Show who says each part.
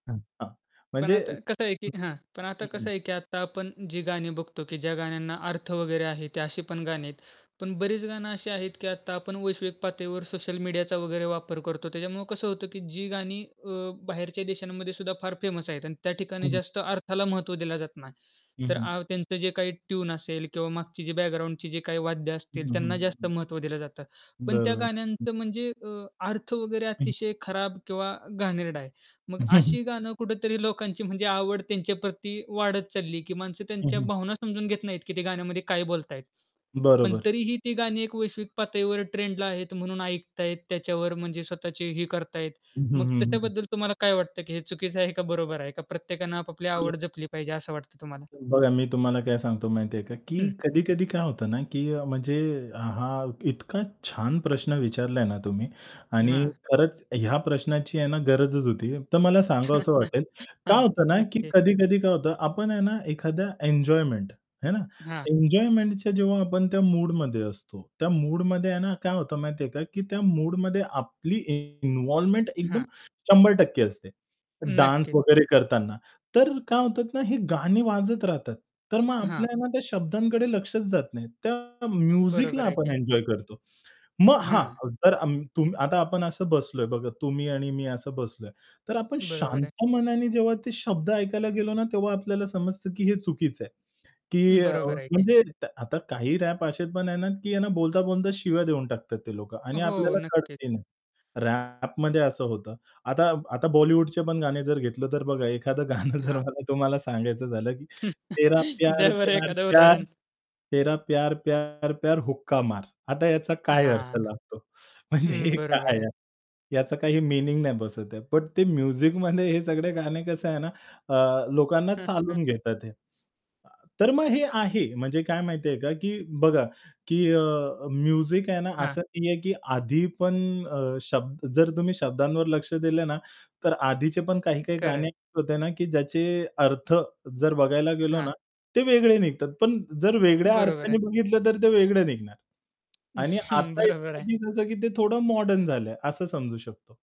Speaker 1: हं, हां.
Speaker 2: पण
Speaker 1: म्हणजे
Speaker 2: आता कसं आहे की हां. पण आता
Speaker 1: हं, हं, हं.
Speaker 2: कसं आहे की आता आपण जी गाणी बघतो की ज्या गाण्यांना अर्थ वगैरे आहे ते अशी पण गाणी आहेत. पण बरीच गाणं अशी आहेत की आता आपण वैश्विक पातळीवर सोशल मीडियाचा वगैरे वापर करतो. त्याच्यामुळे कसं होतं की जी गाणी अ, बाहेरच्या देशांमध्ये सुद्धा फार फेमस आहेत आणि त्या ठिकाणी
Speaker 1: हं.
Speaker 2: जास्त अर्थाला महत्त्व दिलं जात नाही.
Speaker 1: हं,
Speaker 2: तर
Speaker 1: हं.
Speaker 2: आ त्यांचं जे काही ट्यून असेल किंवा मागची जी बॅकग्राऊंडची जी काही वाद्य असतील,
Speaker 1: हं, हं,
Speaker 2: त्यांना
Speaker 1: हं,
Speaker 2: जास्त
Speaker 1: हं.
Speaker 2: महत्त्व दिलं जातं. पण त्या
Speaker 1: बरोबर. हं.
Speaker 2: गाण्यांचं म्हणजे अ, अर्थ वगैरे
Speaker 1: हं.
Speaker 2: अतिशय खराब किंवा घाणेरडा आहे. मग अशी गाणं कुठेतरी लोकांची म्हणजे आवड त्यांच्या प्रती वाढत चालली की माणसं
Speaker 1: हं,
Speaker 2: त्यांच्या
Speaker 1: हं.
Speaker 2: भावना समजून घेत नाहीत की ते गाण्यामध्ये काय बोलताहेत. पण
Speaker 1: बरोबर.
Speaker 2: तरीही ती गाणी एक वैश्विक पातळीवर ट्रेंडला आहेत म्हणून ऐकताहेत त्याच्यावर म्हणजे स्वतःची ही करताहेत.
Speaker 1: हं, हं,
Speaker 2: मग
Speaker 1: हं, हं.
Speaker 2: त्याच्याबद्दल तुम्हाला काय वाटतं की हे चुकीचं आहे का बरोबर आहे? का प्रत्येकाने आपापली
Speaker 1: [unintelligible]
Speaker 2: आवड जपली पाहिजे असं वाटतं तुम्हाला?
Speaker 1: बघा, मी तुम्हाला काय सांगतो माहिती आहे का, की
Speaker 2: हं.
Speaker 1: कधी-कधी काय होतं ना की अ, म्हणजे हा इतका छान प्रश्न विचारला ना तुम्ही आणि
Speaker 2: हां.
Speaker 1: खरंच ह्या प्रश्नाची आहे ना गरजच होती. तर मला सांगावसं वाटेल, काय
Speaker 2: हां,
Speaker 1: होतं ना की
Speaker 2: नक्की.
Speaker 1: कधी-कधी काय होतं, आपण आहे ना एखादा एन्जॉयमेंट हे ना,
Speaker 2: हां.
Speaker 1: एन्जॉयमेंटच्या जेव्हा आपण त्या मूडमध्ये असतो, त्या मूडमध्ये आहे ना काय होतं माहिती आहे का, की त्या मूडमध्ये आपली इन्व्हॉल्वमेंट एकदम
Speaker 2: हां.
Speaker 1: 100% असते. डान्स
Speaker 2: नक्कीच.
Speaker 1: वगैरे करताना, तर काय होतात ना ही गाणी वाजत राहतात. तर मग
Speaker 2: हां.
Speaker 1: आपलं त्या शब्दांकडे लक्षच जात नाही. त्या म्युझिकला
Speaker 2: बरोबर आहे
Speaker 1: आपण
Speaker 2: की.
Speaker 1: एन्जॉय करतो. मग
Speaker 2: हां.
Speaker 1: हां, जर अम तुम आता आपण असं बसलोय बघा तुम्ही आणि मी असं बसलोय, तर आपण
Speaker 2: बरोबर आहे.
Speaker 1: शांत मनाने जेव्हा ते शब्द ऐकायला गेलो ना, तेव्हा आपल्याला समजतं की हे चुकीचं आहे. की अ,
Speaker 2: बरोबर आहे की.
Speaker 1: म्हणजे आता काही रॅप असे पण आहेत ना की ना बोलता-बोलता शिव्या देऊन टाकतात ते लोक आणि
Speaker 2: हो,
Speaker 1: आपल्याला
Speaker 2: नक्कीच.
Speaker 1: कळतही नाही. रॅपमध्ये असं होतं. आता आता बॉलिवूडचे पण गाणे जर घेतलं तर बघा एखादं गाणं जर
Speaker 2: हां.
Speaker 1: मला तुम्हाला सांगायचं झालं की तेरा प्यार,
Speaker 2: द्या बरं
Speaker 1: प्यार,
Speaker 2: एखादं
Speaker 1: प्यार
Speaker 2: उदाहरण.
Speaker 1: तेरा प्यार, प्यार, प्यार हुक्का मार. आता याचा काय अर्थ
Speaker 2: हां.
Speaker 1: लागतो? म्हणजे
Speaker 2: हं,
Speaker 1: हे
Speaker 2: बरोबर
Speaker 1: काय
Speaker 2: आहे.
Speaker 1: आहे? याचा काही मीनिंग नाही बसत आहे. पण ते म्युझिकमध्ये हे सगळे गाणे कसं आहे ना अ, लोक ना
Speaker 2: हं, हं.
Speaker 1: चालून घेतात हे. अ, तर मग हे आहे म्हणजे काय माहिती आहे का की बघा की अ, अ, म्युझिक आहे ना
Speaker 2: हां.
Speaker 1: असं नाहीये की आधी पण अ, शब्द जर तुम्ही शब्दांवर लक्ष दिलं ना, तर आधीचे पण काही-काही
Speaker 2: खरं आहे.
Speaker 1: गाणी होते ना की ज्याचे अर्थ जर बघायला गेलो
Speaker 2: हां.
Speaker 1: ना, ते वेगळे निघतात. पण जर वेगळ्या
Speaker 2: बरोबर आहे.
Speaker 1: अर्थाने बघितलं तर ते वेगळं निघणार. आणि आता
Speaker 2: बरोबर आहे.
Speaker 1: असे आहे की ते थोडं मॉडर्न झालंय असं समजू शकतो.